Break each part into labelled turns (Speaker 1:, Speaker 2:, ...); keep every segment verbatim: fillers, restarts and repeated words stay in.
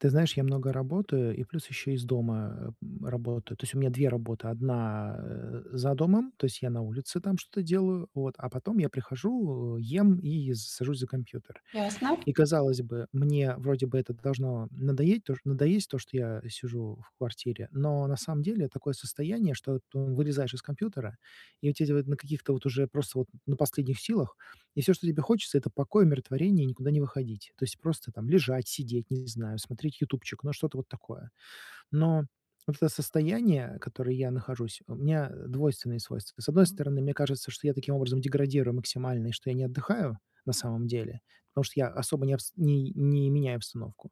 Speaker 1: Ты знаешь, я много работаю, и плюс ещё из дома, м, работаю. То есть у меня две работы. Одна, э, за домом, то есть я на улице там что-то делаю, вот, а потом я прихожу, э, ем и с сажусь за компьютер.
Speaker 2: Ясно.
Speaker 1: И казалось бы, мне вроде бы это должно надоеть то надоесть, то, что я сижу в квартире, но на самом деле такое состояние, что ты вылезаешь из компьютера, и у тебя вот на каких-то вот уже просто вот на последних силах, и всё, что тебе хочется это покой, умиротворение и никуда не выходить. То есть просто там лежать, сидеть, не знаю, смотреть "Ютубчик", ну что-то вот такое. Но вот это состояние, которое я нахожусь, у меня двойственные свойства. С одной стороны, мне кажется, что я таким образом деградирую максимально, и что я не отдыхаю на самом деле, потому что я особо не обс не не меняю обстановку.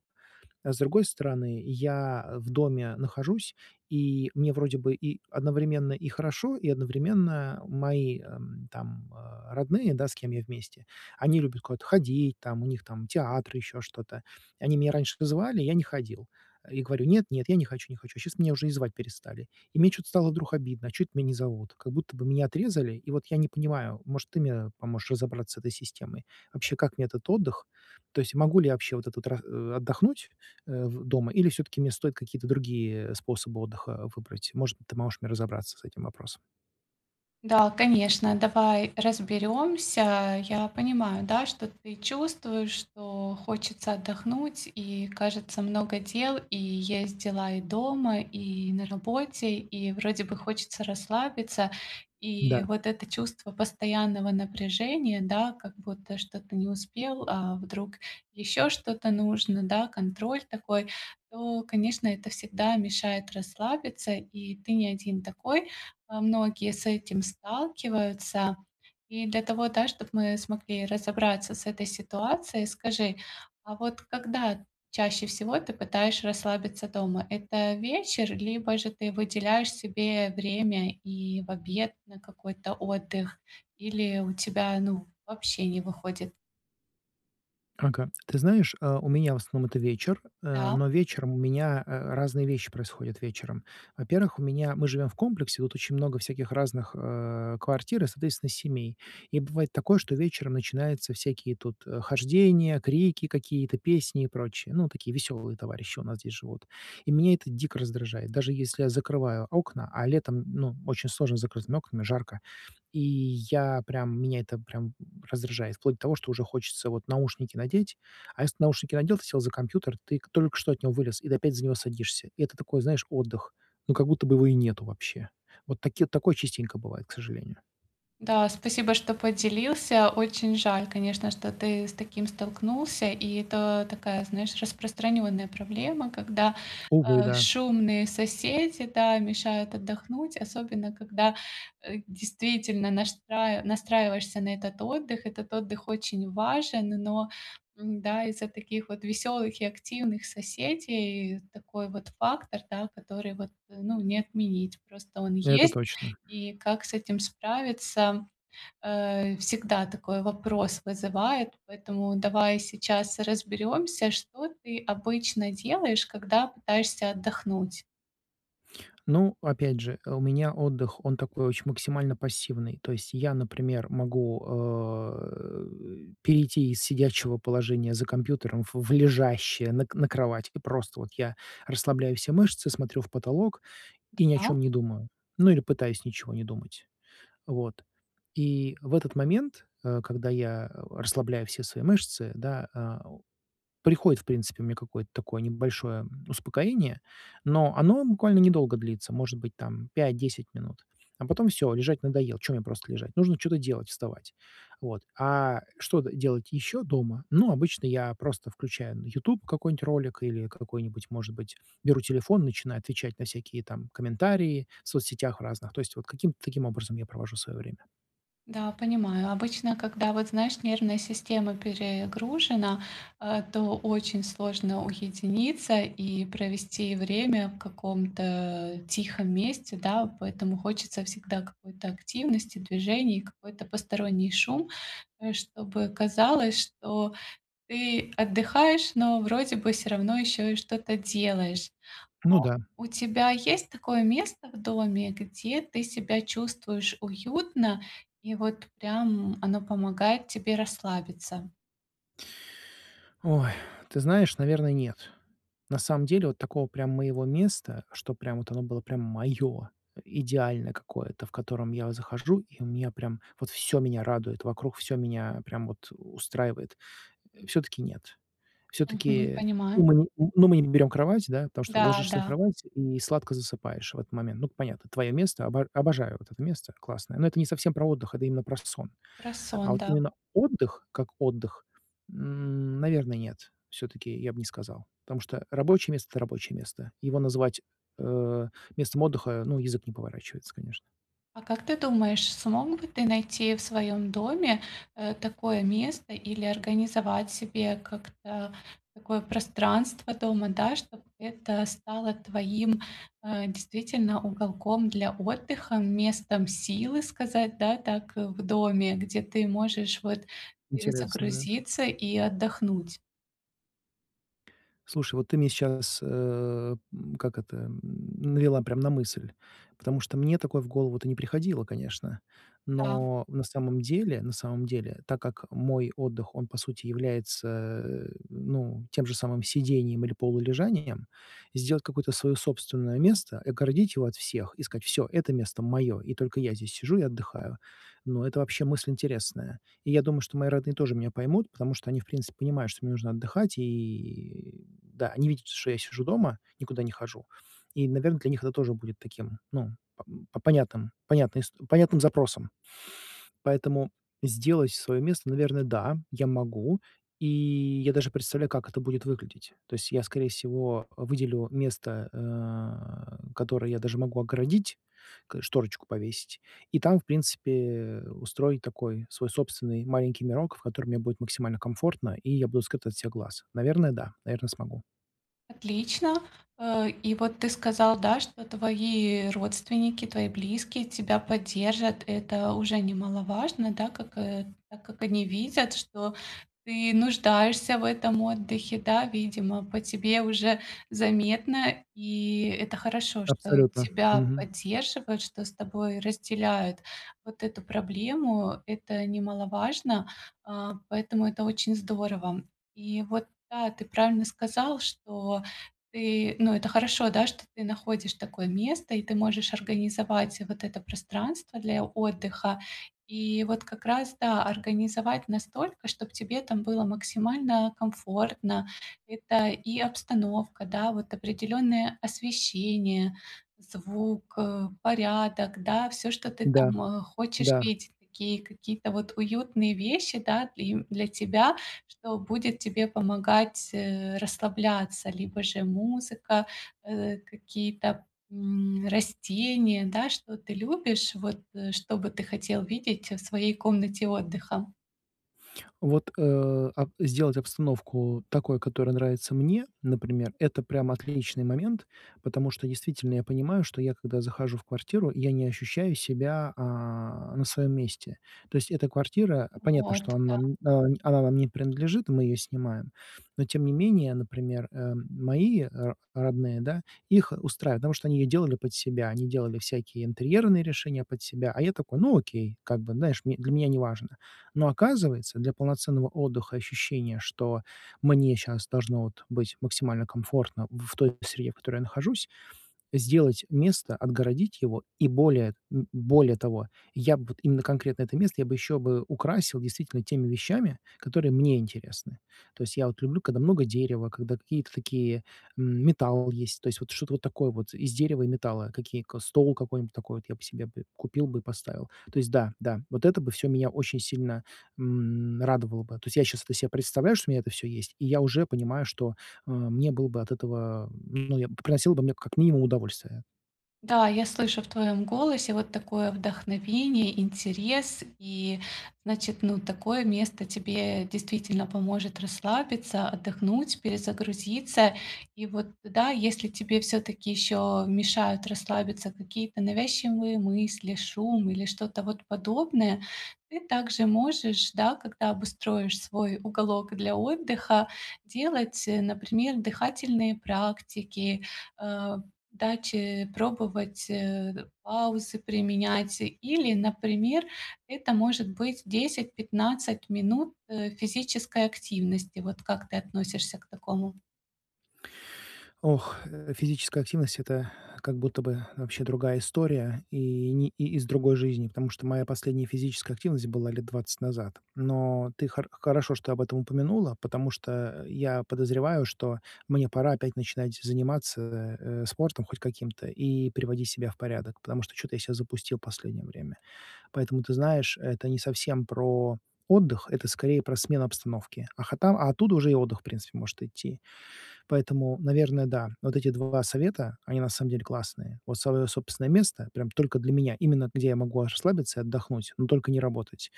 Speaker 1: А с другой стороны, я в доме нахожусь, и мне вроде бы и одновременно и хорошо, и одновременно мои, эм, там, э, родные, да, с кем я вместе, они любят куда-то ходить, там, у них там театр, ещё что-то. Они меня раньше вызывали, я не ходил. И говорю: "Нет, нет, я не хочу, не хочу". Щас меня уже и звать перестали. И мне чё-то стало вдруг обидно: "А чё это меня не зовут?" Как будто бы меня отрезали. И вот я не понимаю, может ты мне поможешь разобраться с этой системой? Вообще, как мне этот отдых? То есть могу ли я вообще вот этот ра э, отдохнуть, э, в дома или всё-таки мне стоит какие-то другие способы отдыха выбрать? Может быть, ты можешь мне разобраться с этим вопросом?
Speaker 2: Да, конечно, давай разберемся. Я понимаю, да, что ты чувствуешь, что хочется отдохнуть, и, кажется, много дел, и есть дела и дома, и на работе, и вроде бы хочется расслабиться. И
Speaker 1: Да.
Speaker 2: вот это чувство постоянного напряжения, да, как будто что-то не успел, а вдруг ещё что-то нужно, да, контроль такой, то, конечно, это всегда мешает расслабиться, и ты не один такой. А, многие с этим сталкиваются. И для того, да, чтоб мы смогли разобраться с этой ситуацией, скажи, а вот когда чаще всего ты пытаешь расслабиться дома? Это вечер, либо же ты выделяешь себе время и в обед на какой-то отдых, или у тебя, ну, вообще не выходит?
Speaker 1: Ага, ты знаешь, э, у меня, в основном, это вечер, э,
Speaker 2: Да.
Speaker 1: но вечером у меня, а, разные вещи происходят вечером. Во-первых, у меня мы живём в комплексе, тут очень много всяких разных, э, квартир и, соответственно, семей. И бывает такое, что вечером начинаются всякие тут, э, хождения, крики какие-то, песни и прочее. Ну, такие весёлые товарищи у нас здесь живут. И меня это дико раздражает, даже если я закрываю окна, а летом, ну, очень сложно с закрытыми окнами, жарко. И я прям меня это прям раздражает, вплоть до того, что уже хочется вот наушники надеть, а если наушники надел, ты сел за компьютер, ты только что от него вылез и до опять за него садишься. И это такой, знаешь, отдых. Ну как будто бы его и нету вообще. Вот таке такое частенько бывает, к сожалению.
Speaker 2: Да, спасибо, что поделился. Очень жаль, конечно, что ты с таким столкнулся, и это такая, знаешь, распространённая проблема, когда,
Speaker 1: Увы,
Speaker 2: э,
Speaker 1: да.
Speaker 2: шумные соседи, да, мешают отдохнуть, особенно когда, э, действительно наштраи настраиваешься на этот отдых. Этот отдых очень важен, но, н, да, из-за таких вот веселых и активных соседей такой вот фактор, да, который вот, ну, не отменить. Просто он
Speaker 1: Это
Speaker 2: есть.
Speaker 1: точно.
Speaker 2: И как с этим справиться, э, всегда такой вопрос вызывает. Поэтому давай сейчас разберёмся, что ты обычно делаешь, когда пытаешься отдохнуть.
Speaker 1: Ну, опять же, у меня отдых, он такой очень максимально пассивный. То есть я, например, могу, э, перейти из сидячего положения за компьютером в в лежащее на к на кровать и просто вот я расслабляю все мышцы, смотрю в потолок и ни о
Speaker 2: Да.
Speaker 1: чём не думаю, ну или пытаюсь ничего не думать. Вот, и в этот момент, э, когда я расслабляю все свои мышцы, да, э, приходит, в принципе, у меня какое-то такое небольшое, м, успокоение, но оно буквально недолго длится, может быть, там, пать десять минут, а потом всё, лежать надоел. Чё мне просто лежать? Нужно чё-то делать, вставать, вот. А что делать ещё дома? Ну, обычно я просто включаю на "Ютуб" какой-нибудь ролик или какой-нибудь, может быть, беру телефон, начинаю отвечать на всякие там комментарии в соцсетях разных, то есть вот каким-то таким образом я провожу своё время.
Speaker 2: Да, понимаю. Обычно, когда вот знаешь, нервная система перегружена, э, то очень сложно уединиться и провести время в каком-то тихом месте, да, поэтому хочется всегда какой-то активности, движений, какой-то посторонний шум, э, чтобы казалось, что ты отдыхаешь, но вроде бы всё равно ещё и что-то делаешь.
Speaker 1: Ну да.
Speaker 2: Но у тебя есть такое место в доме, где ты себя чувствуешь уютно, и вот прям оно помогает тебе расслабиться.
Speaker 1: Ой, ты знаешь, наверное, нет. На самом деле вот такого прям моего места, что прям вот оно было прям моё, идеальное какое-то, в котором я захожу, и у меня прям вот, всё меня радует вокруг, всё меня, прям вот, устраивает. Э, все-таки нет.
Speaker 2: Мгм.
Speaker 1: Все-таки
Speaker 2: Понимаю.
Speaker 1: ну мы ни ну, мы не берём кровать, да, потому что
Speaker 2: Да,
Speaker 1: ложишься на
Speaker 2: да.
Speaker 1: кровать и сладко засыпаешь в этот момент. Ну, понятно, твоё место, обо обожаю вот это место, классное, но это не совсем про отдых, это именно про сон.
Speaker 2: Про
Speaker 1: А
Speaker 2: сон,
Speaker 1: вот
Speaker 2: да.
Speaker 1: именно отдых, как отдых, м, наверное, нет, всё-таки я б не сказал, потому что рабочее место- это рабочее место. Его называть, э, местом отдыха ну, язык не поворачивается, конечно.
Speaker 2: А как ты думаешь, смог бы ты найти в своём доме, э, такое место или организовать себе как-то такое пространство дома, да, чтоб это стало твоим, э, действительно уголком для отдыха, местом силы сказать, да, так, э, в доме, где ты можешь, вот,
Speaker 1: Интересно, да.
Speaker 2: перезагрузиться и отдохнуть.
Speaker 1: Слушай, вот ты мне сейчас, э, м, как это, м, навела прямо на мысль. Потому что мне такое в голову-то не приходило, конечно.
Speaker 2: Да.
Speaker 1: Но на самом деле, на самом деле, так как мой отдых, он, по сути, является, ну, тем же самым сидением или полулежанием, сделать какое-то своё собственное место, огородить его от всех, и сказать, всё, это место моё, и только я здесь сижу и отдыхаю, но это вообще мысль интересная. И я думаю, что мои родные тоже меня поймут, потому что они, в принципе понимают, что мне нужно отдыхать, и да, они видят, что я сижу дома, никуда не хожу. И, наверное, для них это тоже будет таким, ну, по понятным, понятным ис понятным запросам. Поэтому сделать своё место, наверное, да, я могу, и я даже представляю, как это будет выглядеть. То есть я, скорее всего, э, выделю место, э, которое я даже могу огородить, к шторочку повесить, и там, в принципе, устроить такой свой собственный маленький мирок, в котором мне будет максимально комфортно, и я буду скрыт от всех глаз. Наверное, да, наверное, смогу.
Speaker 2: Отлично. Э, и вот ты сказал, да, что твои родственники, твои близкие тебя поддержат. Это уже немаловажно, да, как, э, да как они видят, что ты нуждаешься в этом отдыхе. Да, видимо, по тебе уже заметно, и это хорошо, что
Speaker 1: Абсолютно.
Speaker 2: тебя
Speaker 1: Мгм.
Speaker 2: поддерживают, что с тобой разделяют вот эту проблему. Это немаловажно, а, поэтому это очень здорово. И вот да, ты правильно сказал, что ты ну, это хорошо, да, что ты находишь такое место и ты можешь организовать вот это пространство для отдыха, и вот как раз, да, организовать настолько, чтоб тебе там было максимально комфортно. Это и обстановка, да, вот определённое освещение, звук, э, порядок, да, всё, что ты
Speaker 1: Да,
Speaker 2: там, э, хочешь
Speaker 1: да.
Speaker 2: видеть, и такие какие-то вот уютные вещи, да, и для тебя, что будет тебе помогать, э, расслабляться, либо же музыка, э какие-то, м, растения, да, что ты любишь, вот, э, что бы ты хотел видеть в своей комнате отдыха.
Speaker 1: Вот, э, ап сделать обстановку такой, которая нравится мне, например, это прям отличный момент, потому что действительно я понимаю, что я когда захожу в квартиру, я не ощущаю себя, а, на своём месте. То есть эта квартира понятно,
Speaker 2: Вот,
Speaker 1: что она,
Speaker 2: да.
Speaker 1: м, э, она нам не принадлежит, мы её снимаем, но тем не менее, например, э, мои ро родные, да, их устраивают, потому что они её делали под себя, они делали всякие интерьерные решения под себя, а я такой, ну окей, как бы, знаешь м для меня неважно. Но оказывается, для полноценного отдыха, ощущения, что мне щас должно вот быть максимально комфортно в той среде, в которой я нахожусь, сделать место, отгородить его и более, м, более того, я б вот именно конкретно это место я бы ещё бы украсил действительно теми вещами, которые мне интересны. То есть я вот люблю, когда много дерева, когда какие-то такие, м, металл есть, то есть вот что-то вот такое вот из дерева и металла, какие ко стол какой-нибудь такой, вот я б себе купил бы и поставил. То есть да, да, вот это бы всё меня очень сильно, м, радовало бы. То есть я щас это себе представляю, что у меня это всё есть, и я уже понимаю, что, э, мне было бы от этого, ну я б приносило бы мне как минимум удовольствие.
Speaker 2: Да, я слышу в твоем голосе вот такое вдохновение, интерес, и значит, ну, такое место тебе действительно поможет расслабиться, отдохнуть, перезагрузиться. И вот тогда, если тебе все-таки еще мешают расслабиться какие-то навязчивые мысли, шум или что-то вот подобное, ты также можешь, да, когда обустроишь свой уголок для отдыха, делать, э, например, дыхательные практики, э, дать, э, пробовать, э, паузы применять или, например, это может быть десять-пятнадцать минут, э, физической активности. Вот как ты относишься к такому?
Speaker 1: Ох, э, физическая активность это как будто бы вообще другая история и, ни из другой жизни, потому что моя последняя физическая активность была лет двадцать назад. Но ты хор хорошо, что об этом упомянула, потому что я подозреваю, что мне пора опять начинать заниматься, э, спортом хоть каким-то и приводить себя в порядок, потому что чё-то я себя запустил последнее время. Поэтому, ты знаешь, это не совсем про отдых, это скорее про смену обстановки. А хота а оттуда уже и отдых, принципе, может идти. Поэтому, наверное, да, вот эти два совета, они на самом деле классные. Вот свое собственное место прям только для меня, именно где я могу расслабиться и отдохнуть, но только не работать,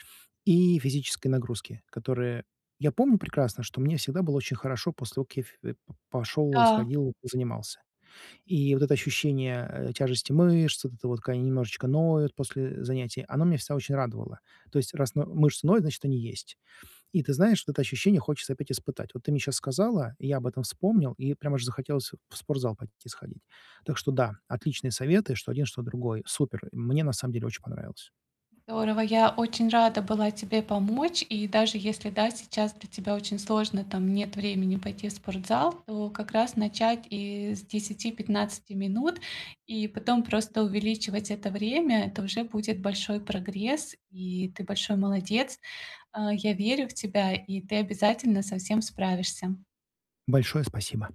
Speaker 1: и физические нагрузки, которые Я помню прекрасно, что мне всегда было очень хорошо после того, как я фе пошёл и
Speaker 2: Да.
Speaker 1: сходил, и позанимался. И вот это ощущение, э, тяжести мышц, вот это вот, как они немножечко ноют после занятий, оно меня всегда очень радовало. То есть, раз но мышцы ноют, значит, они есть. И ты знаешь, вот это ощущение хочется опять испытать. Вот ты мне щас сказала, я об этом вспомнил, и прямо же захотелось в спортзал пойти сходить. Так что да, отличные советы, что один, что другой. Супер, мне на самом деле очень понравилось.
Speaker 2: Здорово. Я очень рада была тебе помочь. И даже если, да, сейчас для тебя очень сложно, там нет времени пойти в спортзал, то как раз начать и с десяти пятнадцати минут, и потом просто увеличивать это время. Это уже будет большой прогресс, и ты большой молодец. А я верю в тебя, и ты обязательно со всем справишься.
Speaker 1: Большое спасибо!